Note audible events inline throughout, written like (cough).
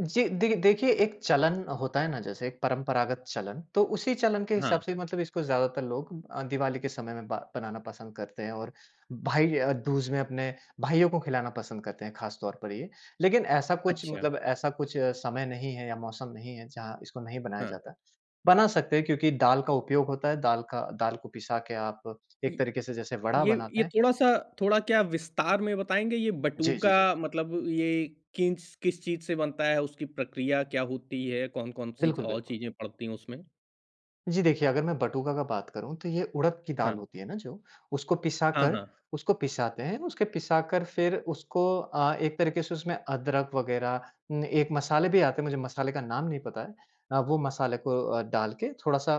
जी, देखि देखिए एक चलन होता है ना जैसे एक परंपरागत चलन, तो उसी चलन के हिसाब हाँ। से मतलब इसको ज़्यादातर लोग अ, दिवाली के समय में ब बनाना पसंद करते हैं और भाई य दूज में अपने भाइयों को खिलाना पसंद करते हैं खासतौर पर ये। लेकिन ऐसा कुछ अच्छा। मतलब ऐसा कुछ समय नहीं है या मौसम नहीं है, जहाँ इसको नहीं बनाया हाँ। जाता। बना सकते हैं क्योंकि दाल का उपयोग होता है दाल का दाल को पिसा के आप एक ये तरीके से जैसे वड़ा ये बनाते ये हैं। थोड़ा-सा थोड़ा क्या विस्तार में बताएँगे, ये जी, जी, जी। बटूका मतलब ये किस-किस चीज़ से बनता है, उसकी प्रक्रिया क्या होती है? कौन-कौन सी बिल्कुल, और बिल्कुल। चीज़ें पड़ती हैं उसमें? जी, देखिए, अगर मैं बटूका का बात करूँ तो ये उड़द की दाल हाँ। होती है ना जो, उसको हाँ, पिसाकर हाँ। उसको पिसाते हैं। उसके पिसाकर फिर उसको अ, एक तरीके से उसमें अदरक वगैरह उम, एक मसाले भी आते हैं, मुझे मसाले का नाम नहीं पता है। अ, वो मसाले को अ, डाल के थोड़ा-सा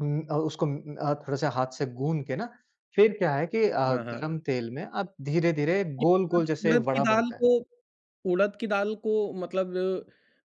उम अ, उसको म अ, थोड़ा-सा हाथ से गूँध के ना, फिर क्या है कि अ, हाँ, हाँ। गरम तेल में अब धीरे-धीरे ये अद गोल-गोल जैसे उड़द की वड़ा दाल बनता है। को, उड़द की दाल को मतलब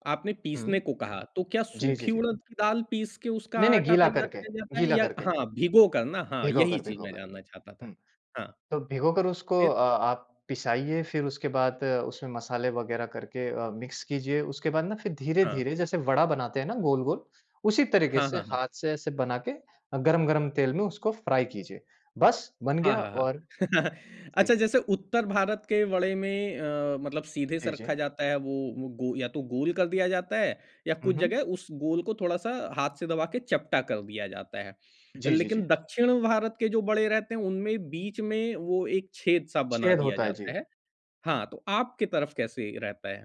आपने हुँ। पीसने को कहा तो क्या जी, जी, सूखी जी। उड़द की दाल पीस के उसका नहीं-नहीं आटा गीला तैयार करके, किया जाता है? गीला या करके। हाँ, भिगो कर ना। हाँ, भिगो यही कर, चीज़ भिगो मैं कर। जानना चाहता था। हुँ। हाँ। तो भिगोकर उसको फिर? अ, आप पिसाइए फिर उसके बाद उसमें मसाले वगैरह करके अ, मिक्स कीजिए। उसके बाद ना फिर हाँ। धीरे-धीरे जैसे वड़ा बनाते हैं ना गोल-गोल, उसी तरीके हाँ, से हाँ, हाँ। हाथ से एसे बना के अ, गरम-गरम तेल में उसको फ्राई कीजिए। बस बन हाँ, गया हाँ, हाँ। और (chuckles) जी। अच्छा, जैसे उत्तर भारत के वड़े में अ, मतलब सीधे से जी, जी। रखा जाता है वो गो या तो गोल कर दिया जाता है, या कुछ उहुँ। जगह उस गोल को थोड़ा-सा हाथ से दबा के चपटा कर दिया जाता है। जी, जी, लेकिन जी। दक्षिण भारत के जो वड़े रहते हैं, उनमें बीच में वो एक छेद-सा बना छेद दिया होता है, जी। जाता है। हाँ, तो आपकी तरफ कैसे रहता है?